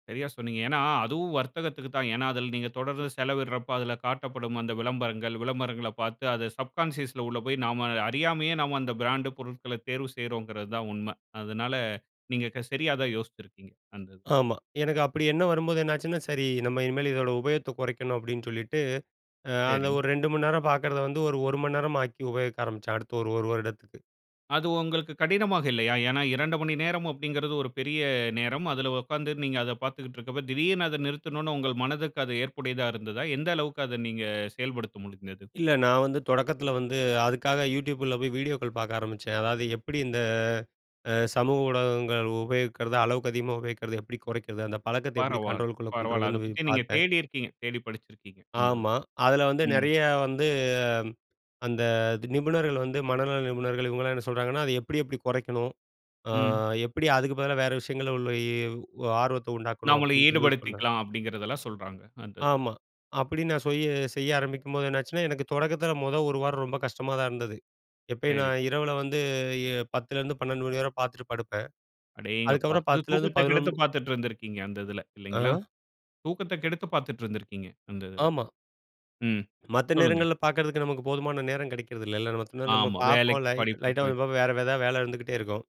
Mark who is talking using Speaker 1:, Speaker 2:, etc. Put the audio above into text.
Speaker 1: சரியா சொன்னீங்க. ஏன்னா அதுவும் வர்த்தகத்துக்கு தான். ஏன்னா அதுல நீங்க தொடர்ந்து செலவிடுறப்ப அதுல காட்டப்படும் அந்த விளம்பரங்கள், விளம்பரங்கள பார்த்து அத சப்கான்ஷியஸ்ல உள்ள போய் நாம அறியாமயே நாம அந்த பிராண்டு பொருட்கள தேர்வு செய்றோம்ங்கிறது தான் உண்மை. அதனால நீங்க க சரியா தான் யோசித்துருக்கீங்க, அந்த இதுல.
Speaker 2: ஆமா. எனக்கு அப்படி எண்ணம் வரும்போது என்னாச்சுன்னா, "சரி நம்ம இனிமேல் இதோட உபயோகத்தை கொறைக்கணும்." அப்படீன்னு சொல்லிட்டு அ அந்த
Speaker 1: சரி.
Speaker 2: ஒரு 2 மணி நேரம் பார்க்குறத வந்து ஒரு 1 மணி நேரமாக்கி உபயோகிக்க ஆரம்பிச்சேன், அடுத்த ஒரு 1 வருடத்துக்கு.
Speaker 1: அது உங்களுக்கு கடினமாக இல்லையா? ஏன்னா 2 மணி நேரம்' அப்படீங்கிறது ஒரு பெரிய நேரம்.அதுல உட்கார்ந்து நீங்க அதை பார்த்துக்கிட்ருக்கும் போது, திடீர்னு அதை நிறுத்தணும்ன்னு உங்கள் மனதுக்கு அது ஏற்புடையதா இருந்ததா? எந்த அளவுக்கு அத நீங்க செயல்படுத்த முடிந்தது?
Speaker 2: இல்ல, நா வந்து தொடக்கத்தில வந்து அதுக்காக யூடியூபில போய் வீடியோக்கள் பார்க்க ஆரம்பிச்சேன். அதாவது, எப்படி இந்த அ சமூக ஊடகங்கள் உபயோகிக்கிறது? அளவுக்கு அதிகமா உபயோகிக்கிறத எப்படி கொறைக்கிறது? அந்த பழக்கத்தை எப்படி
Speaker 1: பரவால்ல,
Speaker 2: கண்ட்ரோலுக்குள்ள கொண்டு
Speaker 1: பரவால்ல. அத
Speaker 2: வரதுன்னு சொல்லி
Speaker 1: பத்தி நீங்க
Speaker 2: பார்த்தேன்.
Speaker 1: தேடிருக்கீங்க. தேடி படிச்சுருக்கீங்க, அந்த இது.
Speaker 2: ஆமா. அதுல வந்து
Speaker 1: ம்.
Speaker 2: நெறைய வந்து அந்த நிபுணர்கள் வந்து மனநல நிபுணர்கள் இவங்கல்லாம் என்ன சொல்றாங்கன்னா, "அதை எப்படி, எப்படி கொறைக்கணும்? அ
Speaker 1: ம்.
Speaker 2: எப்படி அதுக்கு பதிலா வேற விஷயங்கள்ல உள்ள இ ஆர்வத்தை உண்டாக்கணும்?"
Speaker 1: "நம்மள
Speaker 2: அப்படீன்னு சொல்லி சொன்னாங்க.
Speaker 1: ஈடுபடுத்திக்கலாம்" அப்படீங்கிறதெல்லாம் சொல்றாங்க அந்த இதுல.
Speaker 2: ஆமா. அப்படி நான் சுய்ய செய்ய ஆரம்பிக்கும்போது என்னாச்சுன்னா, எனக்கு தொடக்கத்தில முதல் 1 வாரம் ரொம்ப கஷ்டமா தான் இருந்தது. எப்பயும்
Speaker 1: சரி.
Speaker 2: நான் இரவில வந்து இ 10 லேருந்து 12 மணி வரை பார்த்துட்டு படுப்பேன்.
Speaker 1: அடேங்கப்பா!
Speaker 2: அதுக்கப்பறம்
Speaker 1: அது
Speaker 2: 10
Speaker 1: தூக்கத்தை
Speaker 2: 11 மணி.
Speaker 1: கெடுத்துப் பார்த்துட்டுருந்திருக்கீங்க அந்த இதுல, இல்லைங்களா?
Speaker 2: ஆ.
Speaker 1: தூக்கத்தை கெடுத்துப் பார்த்துட்டுருந்திருக்கீங்க அந்த இதுல.
Speaker 2: ஆமா.
Speaker 1: ம்,
Speaker 2: மத்த
Speaker 1: சொல்லுங்க.
Speaker 2: நேரங்கள்ல பார்க்கறதுக்கு நமக்கு போதுமான நேரம் கெடைக்கிறது இல்லல்ல. நமக்கு இன்னும் நம்ம
Speaker 1: ஆமா.
Speaker 2: பார்ப்போம்
Speaker 1: வேலைக்கு,
Speaker 2: லைட்
Speaker 1: படிப்புக்கு
Speaker 2: லைட்டா
Speaker 1: போய்.
Speaker 2: ஒருவே வேற எதாவது வேலை இருந்துகிட்டே இருக்கும்.